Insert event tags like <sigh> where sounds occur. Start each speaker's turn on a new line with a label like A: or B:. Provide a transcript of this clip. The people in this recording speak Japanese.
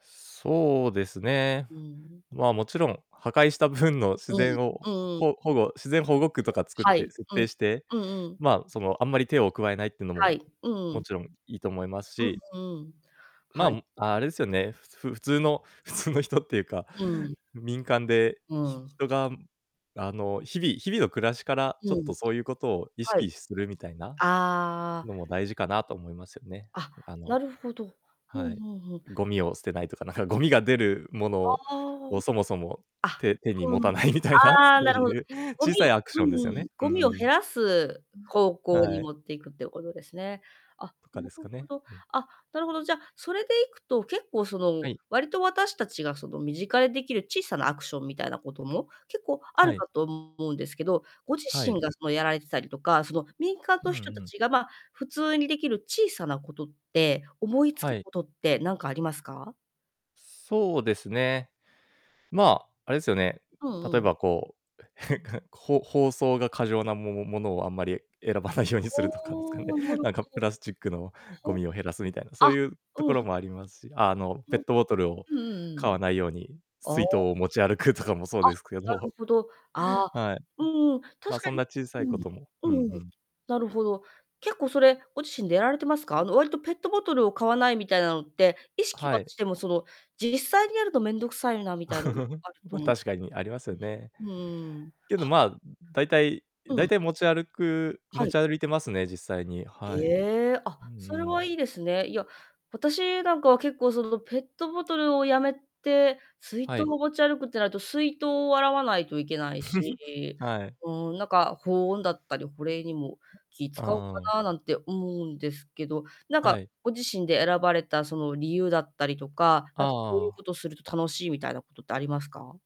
A: そうですね。
B: うん。
A: まあもちろん破壊した分の自
B: うん。
A: 然を
B: うんうん。
A: ほ-保護、自然保護区
B: うん、
A: とか作っ
B: は
A: て
B: い、
A: 設
B: うん。
A: 定して、
B: うんうん。
A: まあそのあんまり手を加えないっていうの
B: は
A: も、
B: い、うんう
A: も
B: ん。
A: ちろんいいと思います
B: う
A: し。
B: うん。はい。
A: まあ、あれですよね、ふふ普通の、普通の人っていうか、
B: うん。
A: 民間で
B: うん。
A: 人が、あの、日々日々の暮らしから、ちょ
B: う
A: っと
B: ん。
A: そういうことを意
B: は
A: 識
B: い。
A: するみたいな
B: あ
A: のも
B: あ。
A: 大事かなと思いますよね。
B: あ、
A: あの
B: なるほど。ふ
A: は
B: ん
A: い。
B: ふんふん。
A: ゴミを捨てないとか、なんかゴミが出るも
B: あ
A: のをそもそも、
B: あ。あ、
A: て手に
B: う
A: 持
B: ん。
A: たないみたいな、
B: ああ、
A: そう
B: なるほど。
A: いう
B: ご
A: 小
B: み
A: さ
B: を、
A: いアクシ
B: う
A: ョ
B: んう
A: ンですよ
B: ん。
A: ね。う
B: ごみを減
A: ん
B: らす方
A: うん。
B: 向に
A: はい。
B: 持っていくっていうことですね。あ、
A: とか
B: な
A: で
B: る
A: すか
B: ほ
A: ね、
B: ど。
A: うん。
B: あ、なるほど、じゃあ、それでいくと、結構そ
A: は
B: の
A: い。
B: 割と私たちがその身近でできる小さなアクションみたいなことも、結構ある
A: はい。
B: かと思うんですけど、ご自
A: はい。
B: 身がそのやられてたりとか、その民間
A: うん-
B: の
A: う
B: 人
A: ん。
B: 達が、ま、普通にできる小さなことって、思いつ
A: は
B: く
A: い。
B: ことって何かありますか？
A: そうですね。まあ、あれですよね、
B: うん
A: 例え
B: うん。
A: ばこう、<giggles> ほ包装が過剰なもものをあんまり選ばないよう
B: あ
A: にするとかですかね。
B: あ、なる
A: なんかプラスチックの
B: ほ
A: ゴ
B: ど。は、
A: ミを減らすみたいな、そう
B: あ、
A: いうと
B: う
A: こ
B: ん。
A: ろもありますし、あのペ
B: そ
A: ッ
B: う、
A: トボトルを
B: うんうんう
A: 買
B: ん。
A: わないように、
B: あ
A: 水筒
B: あ。
A: を持ち歩くとかもそう
B: あっ、
A: ですけ
B: なる
A: ど。
B: ほど、ああ、
A: はい。
B: うんうん、
A: まあ
B: 確か
A: そん
B: に、
A: な小さいことも、
B: う
A: うん
B: んう
A: う
B: ん、
A: ん。
B: なるほど。結構それ、ご自身でやられてますか？あの割とペットボトルを買わないみたいなのって、意識
A: は
B: は
A: い。
B: しても、その、実際にやると面倒くさいなみたいなの
A: <chuckles>
B: あると
A: ま、
B: 思うんです。
A: 確かにありますよね。
B: うん。うんうんうん。
A: けどまあだいたい
B: う
A: だい
B: ん。
A: たい持ち歩く持
B: はい。
A: ち歩いてますね実際に、はい。
B: へえ、あ、
A: うん
B: そ
A: う
B: れ
A: ん。
B: はいいですね。いや、私なんかは、結構そのペットボトルをやめて、水
A: は
B: 筒を
A: い。
B: 持ち歩くってなると、水筒を洗わないといけないし、
A: <giggles> はい。
B: うーん、なんか、保温だったり、保冷にも気使おう
A: あ
B: か
A: あ。
B: ななんて思うんですけど、何
A: は
B: か、
A: い。
B: ご自身で選ばれた、その理由だったりとか、
A: ああ
B: なんかこ
A: あ
B: う
A: あ
B: いう
A: あ
B: こ
A: あ。
B: とすると楽しいみたいなことってありますか？